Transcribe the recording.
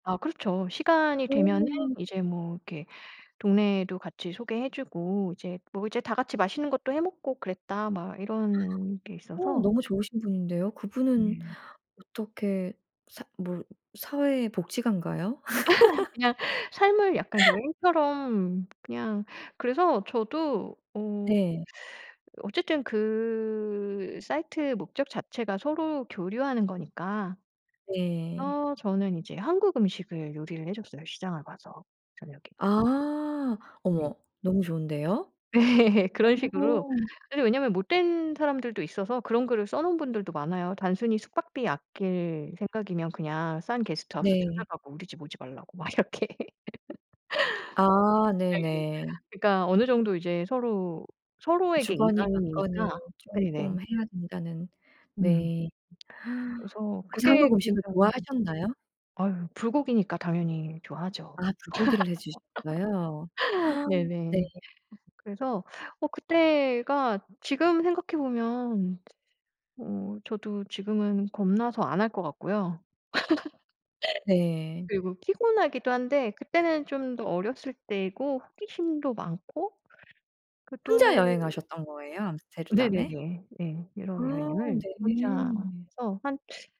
아 그렇죠. "시간이 되면은 오. 이제 뭐 이렇게 동네도 같이 소개해 주고 이제 뭐 이제 다 같이 맛있는 것도 해 먹고 그랬다." 막 이런 게 오 있어서 너무 좋으신 분인데요. 그분은 예. 어떻게 사 뭐 사회복지가인가요? 그냥 삶을 약간 여행처럼 그냥 그래서 저도 어 네. 어쨌든 그 사이트의 목적 자체가 서로 교류하는 거니까. 네. 어 저는 이제 한국 음식을 요리를 해줬어요, 시장을 봐서. 저녁에. 아. 네. 어머 너무 좋은데요? 그런 식으로. 오. 근데 왜냐하면 못된 사람들도 있어서 그런 글을 써 놓은 분들도 많아요. "단순히 숙박비 아낄 생각이면 그냥 싼 게스트하우스 네. 찾아가고 우리 집 오지 말라."고 막 이렇게. 네. 아 네네. 그러니까 어느 정도 이제 서로 서로에게 주거니 받거니 이방인이니까 네네. 쪼끔 해야 된다는 음. 네. 그래서 그래서 그게 한국 음식을 굉장히 좋아하셨나요? 아유 불고기니까 당연히 좋아하죠. 아 불고기를 해 주셨어요? 네. 네네. 그래서 어 그때가 지금 생각해 보면 어 저도 지금은 겁나서 안 할 것 같고요. 네. 그리고 피곤하기도 한데 그때는 좀 더 어렸을 때고 호기심도 많고 그 혼자 또 여행하셨던 거예요? 암스테르담에? 네네네. 네. 아 유럽 여행을 혼자 네네. 해서 한